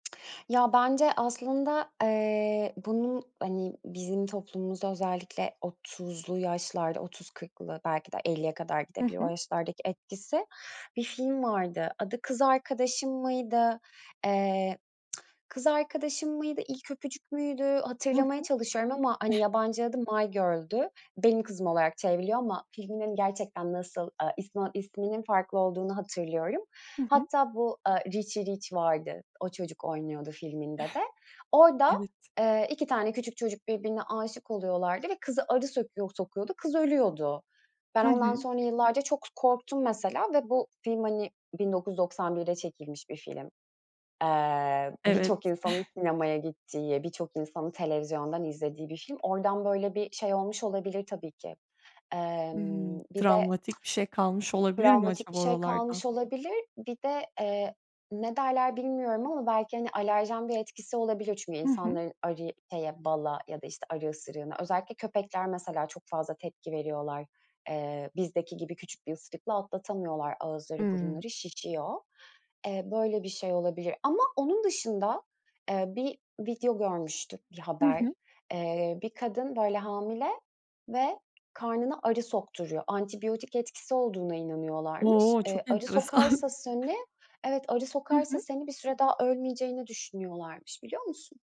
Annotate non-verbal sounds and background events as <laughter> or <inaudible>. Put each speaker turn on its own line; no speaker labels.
Ya, bence aslında, eee, bunun, hani, bizim toplumumuzda özellikle 30'lu yaşlarda, 30-40'lı belki de 50'ye kadar
Hı
gidebilir o
hı.
yaşlardaki etkisi bir film vardı. Adı Kız Arkadaşım mıydı, eee, <clicks tongue> Kız Arkadaşım mıydı? İlk Öpücük müydü?
Hı
Hatırlamaya
hı.
çalışıyorum ama, hani,
<chuckles>
yabancı adı My Girl'dü. Benim Kızım olarak çevriliyor ama filminin gerçekten nasıl, eee, ismi isminin farklı olduğunu hatırlıyorum.
Hı hı.
Hatta bu, eee, Richy Rich vardı, o çocuk oynuyordu filminde de.
<chuckles>
Orada,
Evet.
eee, 2 tane küçük çocuk birbirine âşık oluyorlardı ve kızı arı sökuyor sokuyordu, kız ölüyordu. Ben
Hı
ondan
hı.
sonra yıllarca çok k korktum mesela ve bu film, hani, 1991'de çekilmiş bir film. Eee,
Evet.
birçok insanın
<chuckles>
sinemaya gittiği, birçok insanın televizyondan izlediği bir film. Oradan böyle bir şey olmuş olabilir tabii ki.
Imm,
Emm, bir de
travmatik bir şey kalmış olabilir mi
Travmatik bir
acaba
şey
oralardan?
kalmış olabilir. Bir de, eee, ne derler bilmiyorum ama belki, hani, alerjen bir etkisi olabilir. Çünkü
Hı hı.
insanların arı şeye bala ya da işte arı ısırığına. Özellikle köpekler mesela çok fazla tepki veriyorlar. Eee, bizdeki gibi küçük bir ısırıkla atlatamıyorlar. Ağızları,
Hımm.
burunları şişiyor. Eee, böyle bir şey olabilir ama onun dışında, eee, bir video görmüştük, bir
I
haber.
hı.
Eee, bir kadın böyle hamile ve karnına arı sokturuyor. Antibiyotik etkisi olduğuna inanıyorlarmış.
O!
Eee,
Çok
arı
enteresan.
sokarsa
<chuckles>
seni evet arı
Hı
sokarsa
hı.
seni bir süre daha ölmeyeceğini düşünüyorlarmış. Biliyor musun?